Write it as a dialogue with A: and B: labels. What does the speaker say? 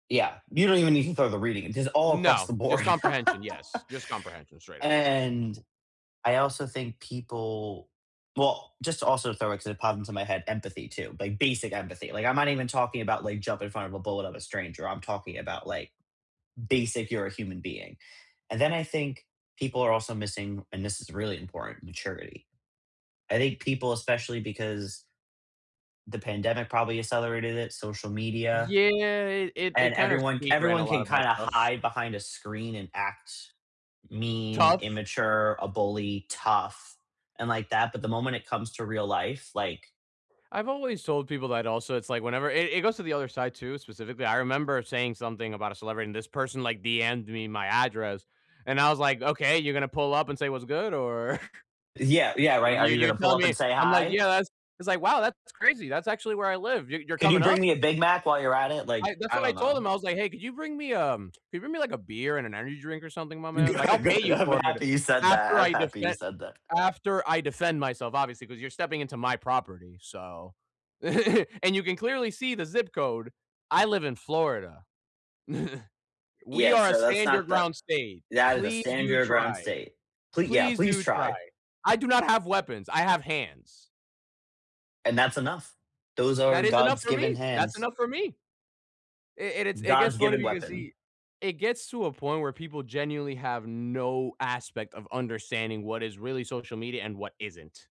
A: Yeah, you don't even need to throw the reading, it's just all across
B: No,
A: the
B: just
A: board.
B: comprehension, yes, just comprehension, straight up.
A: And I also think people, well, just also throw it 'cause it popped into my head, empathy too, like basic empathy. Like I'm not even talking about like jump in front of a bullet of a stranger. I'm talking about like basic you're a human being, and then I think people are also missing, and this is really important, maturity. I think people, especially because the pandemic probably accelerated it, social media,
B: Yeah, it it it
A: and
B: kind of
A: everyone
B: speed ran a
A: everyone
B: lot
A: can
B: of bad
A: kind of
B: stuff.
A: hide behind a screen and act mean,
B: Tough.
A: immature, a bully, tough, and like that, but the moment it comes to real life, like
B: I've always told people that also, it's like, whenever it it goes to the other side too, specifically, I remember saying something about a celebrity, and this person like DM'ed me my address, and I was like, "Okay, you're gonna pull up and say what's good, or?"
A: Yeah, yeah, right. Are
B: You
A: you
B: you're
A: gonna pull
B: telling
A: up
B: me
A: and say
B: I'm like,
A: hi?
B: yeah, that's it's like, "Wow, that's crazy, that's actually where I live, you you're
A: "Could you
B: coming
A: bring
B: up?"
A: me a Big Mac while you're at it?" Like,
B: I that's
A: I
B: what I
A: don't
B: told
A: know.
B: him, I was like, "Hey, could you bring me um could you bring me like a beer and an energy drink or something, my man? Like, I'll
A: Good
B: pay
A: good.
B: you
A: I'm
B: for it
A: happy you said that
B: after
A: I'm
B: I
A: happy you
B: defend
A: said that.
B: after I defend myself, obviously, 'cause you're stepping into my property, so" "and you can clearly see the zip code. I live in Florida. We
A: Yeah,
B: are a
A: so that's
B: stand your
A: not the
B: ground state.
A: that is a
B: Please
A: stand
B: do
A: your ground
B: try.
A: state. "Plea yeah,
B: Please
A: please
B: do try.
A: try."
B: I do not have weapons, I have hands."
A: And that's enough. Those are
B: That is enough
A: God's
B: for
A: given
B: me That's
A: hands.
B: enough for me. It it's it gets
A: God's
B: funny
A: given
B: because
A: weapon.
B: he it gets to a point where people genuinely have no aspect of understanding what is really social media and what isn't.